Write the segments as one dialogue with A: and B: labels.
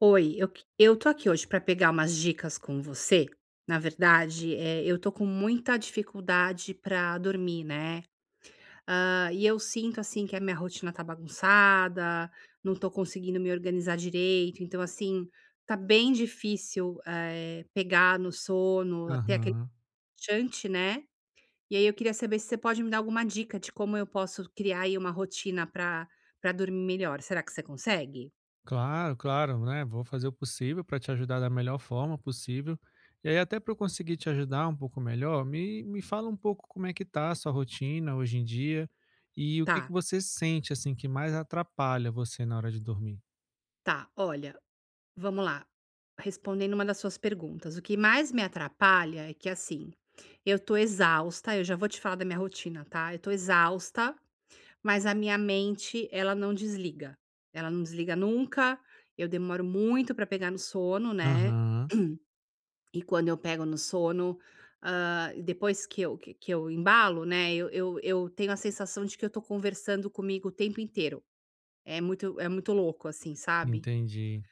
A: Oi, eu que eu tô aqui hoje pra pegar umas dicas com você, na verdade, eh, eu tô com muita dificuldade pra dormir, né, hã, e eu sinto, assim, que a minha rotina tá bagunçada, não tô conseguindo me organizar direito, então assim, tá bem difícil, eh, pegar no sono, a ter aque
B: Aham.
A: relaxante, né. E aí eu queria saber se você pode me dar alguma dica de como eu posso criar, aí, uma rotina pra pra dormir melhor, será que você consegue?
B: Claro, claro, né, vou fazer o possível pra te ajudar da melhor forma possível. Eh, até pra eu conseguir te ajudar um pouco melhor, me me fala um pouco como é que tá a sua rotina hoje em dia e o que
A: Tá.
B: que você sente, assim, que mais atrapalha você na hora de dormir.
A: Tá, olha vamo lá. Respondendo uma das suas perguntas, o que mais me atrapalha é que, assim, eu tô exausta, eu já vou te falar da minha rotina, tá, eu tô exausta, mas a minha mente ela não desliga, ela não desliga nunca, eu demoro muito pra pegar no sono, né.
B: Aham.
A: E quando eu pego no sono, hã, depois que eu, que eu que eu embalo, né, eu eu eu tenho a sensação de que eu tô conversando comigo o tempo inteiro, é muito é muito louco assim, sabe.
B: Entendi.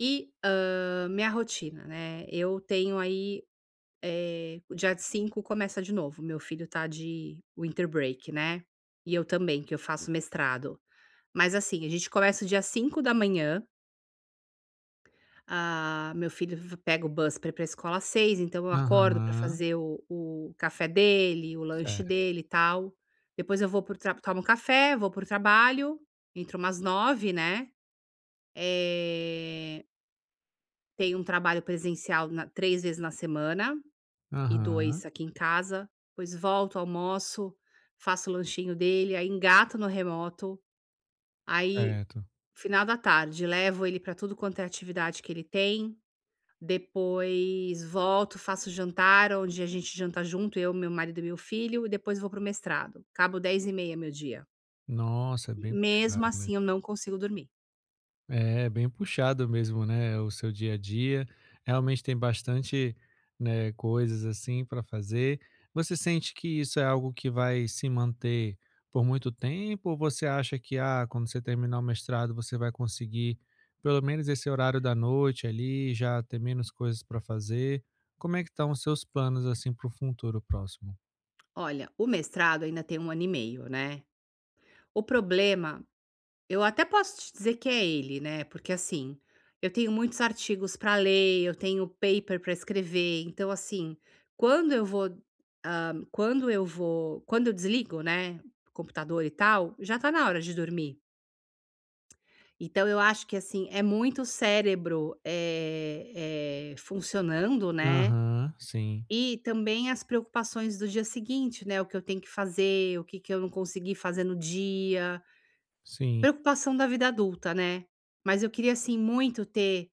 A: E, hã, minha rotina, né, eu tenho aí, eh, o dia 5 começa de novo, o meu filho tá de winter break, né, e eu também, que eu faço mestrado, mas assim, a gente começa o dia às 5h da manhã Ah, meu filho v pega o bus pra ir para escola às 6h, então eu acordo pra
B: Aham.
A: fazer o o café dele, o lanche
B: Certo.
A: dele e tal. Depois eu vou para o tra tomo café, vou para o trabalho, entro umas 9h, né. Eh Tenho um trabalho presencial na 3 vezes na semana e
B: Aham.
A: 2 aqui em casa, depois volto, almoço, faço o lanchinho dele, aí engato no remoto. Aí,
B: Certo.
A: final da tarde, levo ele para tudo quanto é atividade que ele tem. Depois volto, faço jantar, onde a gente janta junto, eu, meu marido e meu filho, e depois vou para o mestrado. Acabo 22:30h meu dia.
B: Nossa, é bem
A: Mesmo
B: puxado mesmo.
A: assim eu não consigo dormir.
B: É, bem puxado mesmo, né, o seu dia a dia. Realmente tem bastante, né, coisas assim para fazer. Você sente que isso é algo que vai se manter por muito tempo ou você acha que, ah, quando você terminar o mestrado, você vai conseguir, pelo menos esse horário da noite ali, já ter menos coisas para fazer? Como é que estão os seus planos assim para o futuro próximo?
A: Olha, o mestrado ainda tem 1 ano e meio, né. O problema, eu até posso te dizer que é ele, né, porque assim, eu tenho muitos artigos pra ler, eu tenho paper pra escrever. Então assim, quando eu vou, hã, quando eu vou quando eu desligo, né, o computador e tal, já tá na hora de dormir. Então, eu acho que assim, é muito cérebro, eh eh, funcionando, né,
B: Aham, sim.
A: e também as preocupações do dia seguinte, né, o que eu tenho que fazer, o que que eu não consegui fazer no dia.
B: Sim.
A: Preocupação da vida adulta, né, mas eu queria assim muito ter te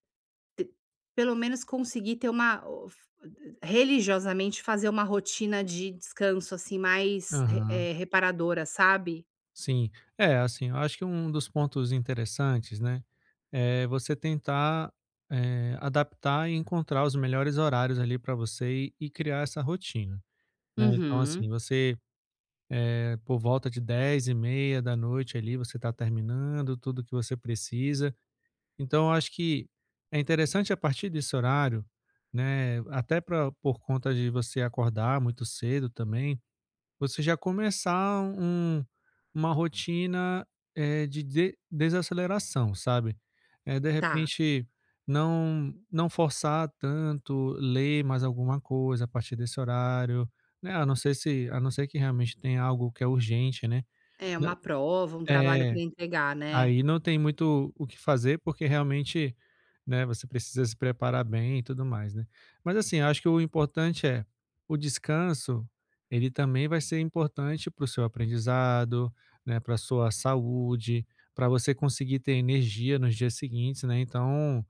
A: pelo menos conseguir ter uma o f religiosamente, fazer uma rotina de descanso assim mais,
B: Aham.
A: eh, re reparadora, sabe.
B: Sim, é, assim, eu acho que um dos pontos interessantes, né, é você tentar, eh, adaptar e encontrar os melhores horários ali, para você e e criar essa rotina, né. Então assim,
A: Uhum.
B: você, eh, por volta de 22h30 ali, você tá terminando tudo que você precisa. Então, eu acho que é interessante a partir desse horário, né, até pra por conta de você acordar muito cedo também, você já começar um uma rotina, eh, de dese desaceleração, sabe. Eh, de
A: Tá.
B: repente, não não forçar tanto ler mais alguma coisa, a partir desse horário, né, a não ser se a não ser que realmente tenha algo que é urgente, né.
A: É,
B: Né
A: uma prova, um trabalho
B: É,
A: pra entregar, né.
B: aí não tem muito o que fazer, porque realmente, né, você precisa se preparar bem e tudo mais, né. Mas assim, acho que o importante é o descanso, ele também vai ser importante para o seu aprendizado, né, pra sua saúde, pra você conseguir ter energia nos dias seguintes, né. Então,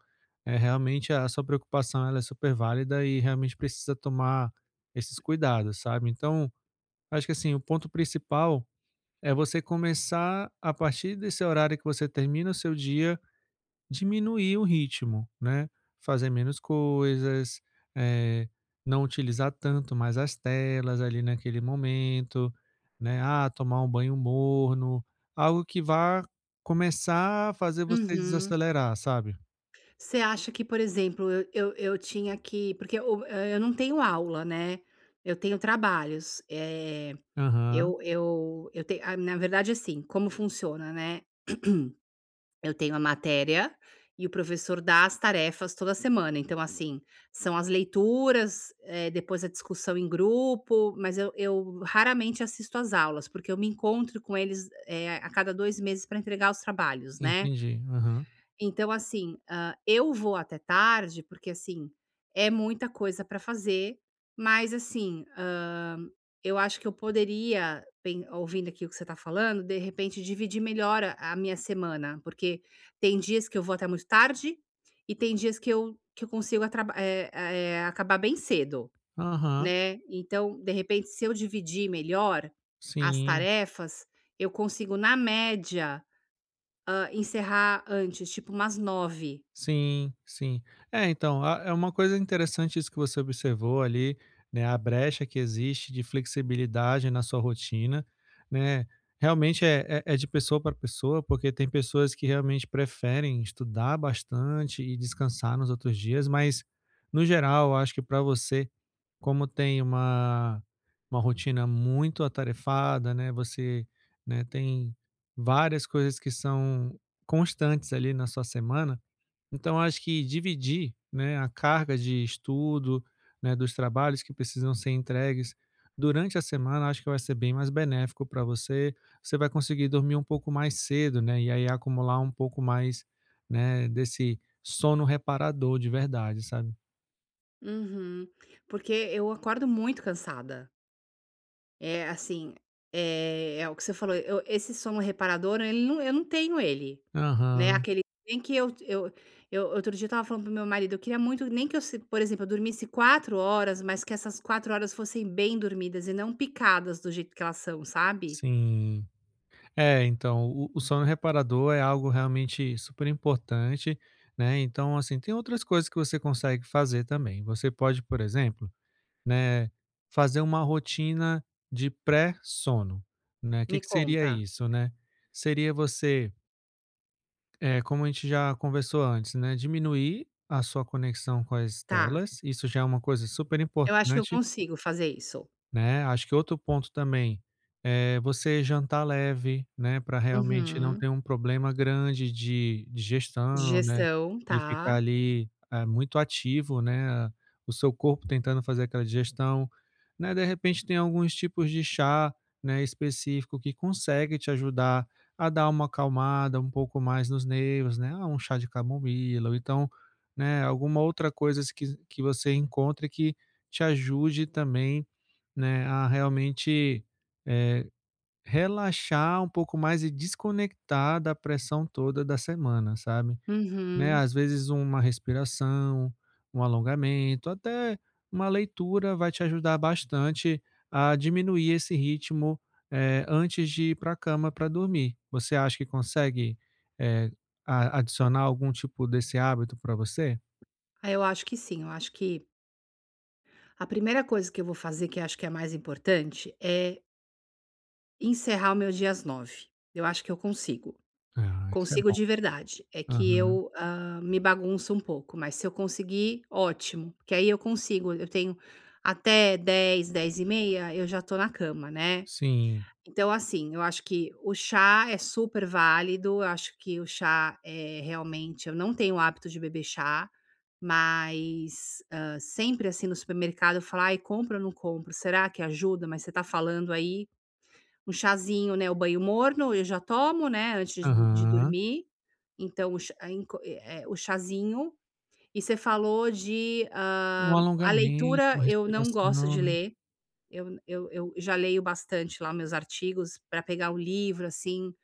B: eh, realmente a sua preocupação ela é super válida e realmente precisa tomar esses cuidados, sabe. Então, acho que assim, o ponto principal é você começar, a partir desse horário que você termina o seu dia, diminuir o ritmo, né, fazer menos coisas, eh, não utilizar tanto mais as telas ali, naquele momento, né, ah, tomar um banho morno, algo que vá começar a fazer você
A: Uhum.
B: desacelerar, sabe?
A: Você acha que, por exemplo, eu eu eu tinha que porque o a eu não tenho aula, né, eu tenho trabalhos, eh,
B: Aham.
A: eu eu eu te na verdade, assim, como funciona, né, eu tenho a matéria e o professor dá as tarefas toda semana, então, assim, são as leituras, eh, depois a discussão em grupo, mas eu eu, raramente, assisto às aulas, porque eu me encontro com eles, eh, a cada 2 meses pra entregar os trabalhos, né.
B: Entendi, aham.
A: Então, assim, hã, eu vou até tarde, porque, assim, é muita coisa pra fazer, mas, assim, hã, eu acho que eu poderia pen ouvindo aqui o que você tá falando, de repente, dividir melhor a a minha semana, porque tem dias que eu vou até muito tarde e tem dias que eu que eu consigo atra é a é acabar bem cedo,
B: Aham.
A: né, então, de repente, se eu dividir melhor as
B: Sim.
A: tarefas, eu consigo, na média, hã, encerrar antes, tipo umas 21h.
B: Sim, sim. É, então, a é uma coisa interessante isso que você observou, ali, né, a brecha que existe de flexibilidade na sua rotina, né, realmente, é é é de pessoa pra pessoa, porque tem pessoas que, realmente, preferem estudar bastante e descansar nos outros dias, mas, no geral, acho que pra você, como tem uma uma rotina muito atarefada, né, você, né, tem várias coisas que são constantes ali, na sua semana, então acho que dividir, né, a carga de estudo, né, dos trabalhos que precisam ser entregues durante a semana, acho que vai ser bem mais benéfico pra você, você vai conseguir dormir um pouco mais cedo, né, e, aí, acumular um pouco mais, né, desse sono reparador, de verdade, sabe.
A: Uhum, porque eu acordo muito cansada. É assim, eh, é o que você falou, eu esse sono reparador, ele nu eu não tenho ele, né,
B: Aham.
A: aquele bem que eu eu eu, outro dia, eu estava falando para o meu marido: "Eu queria muito, nem que eu se por exemplo, se eu dormisse 4 horas, mas que essas 4 horas fossem bem dormidas e não picadas, do jeito que elas são", sabe.
B: Sim, é, então, o o sono reparador é algo realmente super importante, né, então, assim, tem outras coisas que você consegue fazer também. Você pode, por exemplo, né, fazer uma rotina de pré-sono, né, o que
A: Me
B: que seria
A: conta.
B: isso, né? Seria você eh, como a gente já conversou antes, né, diminuir a sua conexão com as
A: Tá.
B: telas, isso já é uma coisa super
A: Eu acho que eu
B: importante
A: consigo fazer isso.
B: né, acho que outro ponto também é você jantar leve, né, pra realmente não
A: Uhum.
B: ter um problema grande de digestão, né,
A: Digestão,
B: de ficar
A: tá.
B: ali, eh, muito ativo, né, o seu corpo tentando fazer aquela digestão, né. De repente tem alguns tipos de chá, né, específico que consegue te ajudar a dar uma acalmada um pouco mais nos nervos, né, ah, um chá de camomila ou então, né, alguma outra coisas que que você encontre que te ajude também, né, a realmente, eh, relaxar um pouco mais e desconectar da pressão toda da semana, sabe. Né,
A: Uhum.
B: às vezes, uma respiração, um alongamento, até uma leitura vai te ajudar bastante a diminuir esse ritmo, eh, antes de ir pra cama pra dormir. Você acha que consegue, eh, a adicionar algum tipo desse hábito pra você?
A: Ah, eu acho que sim, eu acho que a 1ª coisa que eu vou fazer, que acho que é a mais importante, é Encerrar o meu dia às 21h. Eu acho que eu consigo.
B: Ah, isso é
A: Consigo
B: bom.
A: de verdade. É que
B: Aham.
A: eu, hã, me bagunço um pouco, mas se eu conseguir, ótimo, porque aí eu consigo, eu tenho até 22h, 22h30 eu já tô na cama, né?
B: Sim.
A: Então, assim, eu acho que o chá é super válido, eu acho que o chá, eh, realmente, eu não tenho o hábito de beber chá, mas, hã, sempre, assim, no supermercado eu falo: "Ai, compro ou não compro? Será que ajuda?". Mas você tá falando aí, um chazinho, né, o banho morno eu já tomo, né, antes do de
B: Aham.
A: dormir. Então, o ch é, em co é é, o chazinho. E você falou de,
B: Um
A: hã, a
B: alongamento,
A: leitura,
B: uma
A: eu não gosto
B: respiração,
A: de
B: né?
A: ler. Eu n eu eu já leio bastante lá meus artigos, pra pegar o livro, assim,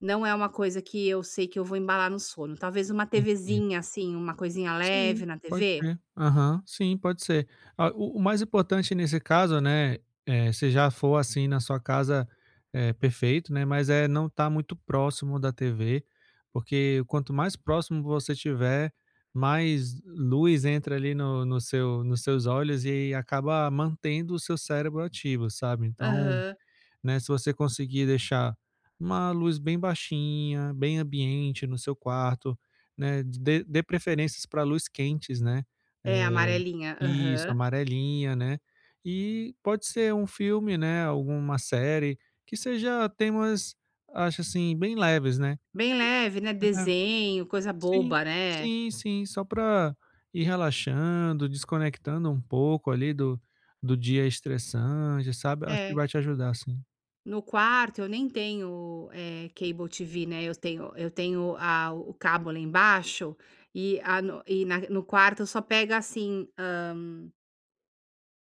A: não é uma coisa que eu sei que eu vou embalar no sono. Talvez uma
B: Entendi.
A: TVzinha, assim, uma coisinha
B: Sim,
A: leve na
B: pode
A: TV?
B: ser. Aham, sim, pode ser. Ah, o o mais importante nesse caso, né, eh, se já for, assim, na sua casa, eh, perfeito, né, mas, eh, não estar muito próximo da TV, porque quanto mais próximo você estiver, mais luz entra ali no no seu nos seus olhos, e aí acaba mantendo o seu cérebro ativo, sabe, então,
A: Aham.
B: né, se você conseguir deixar uma luz bem baixinha, bem ambiente no seu quarto, né? D dê dê preferências pra luz quentes, né? Eh,
A: É, amarelinha.
B: isso,
A: Aham.
B: amarelinha, né, e pode ser um filme, né, alguma série que seja temas, acho, assim, bem leves, né?
A: Bem leve, né?
B: É.
A: Desenho, coisa
B: Sim,
A: boba, né?
B: sim, sim, só pra ir relaxando, desconectando um pouco ali do do dia estressante, sabe? Acho que
A: É.
B: vai te ajudar, sim.
A: No quarto, eu nem tenho, eh, cable TV, né, eu tenho eu tenho a o o cabo lá embaixo e a no e na no quarto, só pega assim, hã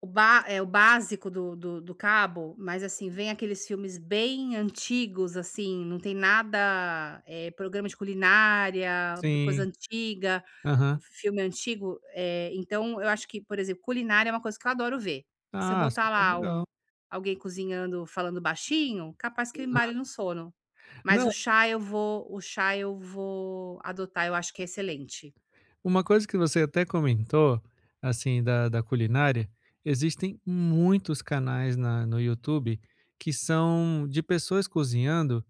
A: O bá eh, o básico do do do cabo, mas, assim, vêm aqueles filmes bem antigos, assim, não tem nada, eh programa de culinária, coisa
B: Sim.
A: antiga,
B: Aham.
A: filme antigo. Eh, então eu acho que, por exemplo, culinária é uma coisa que eu adoro ver. Se eu
B: Ah,
A: botar
B: super
A: lá um
B: legal.
A: alguém cozinhando, falando baixinho, capaz que eu embale
B: Aham.
A: no sono, mas
B: Não
A: o chá eu vou o chá eu vou adotar, eu acho que é excelente.
B: Uma coisa que você até comentou, assim, da da culinária, existem muitos canais na no YouTube que são de pessoas cozinhando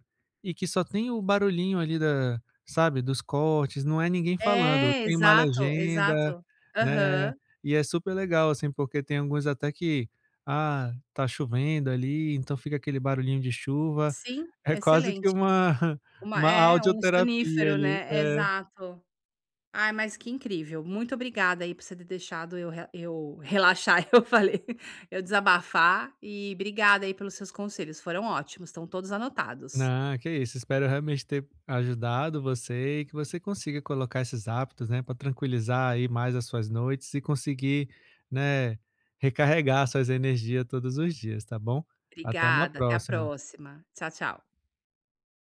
B: e que só tem o barulhinho ali da sabe, dos cortes, não é ninguém falando,
A: É,
B: tem uma
A: exato,
B: legenda,
A: exato.
B: né,
A: Aham.
B: e é super legal, assim, porque tem alguns até que: "Ah, tá chovendo ali", então fica aquele barulhinho de chuva.
A: Sim,
B: É quase que
A: excelente.
B: uma
A: Uma
B: uma
A: é, um
B: audioterapia
A: sonífero,
B: ali.
A: né.
B: É.
A: Exato. Ai, mas que incrível. Muito obrigada aí por você ter deixado eu re eu relaxar, eu falei. Eu desabafar e obrigada aí pelos seus conselhos, foram ótimos, estão todos anotados.
B: Não, que isso, espero realmente ter ajudado você e que você consiga colocar esses hábitos, né, pra tranquilizar aí mais as suas noites e conseguir, né, recarregar suas energia todos os dias, tá bom? Até uma
A: Obrigada, até a
B: próxima.
A: próxima. Tchau, tchau.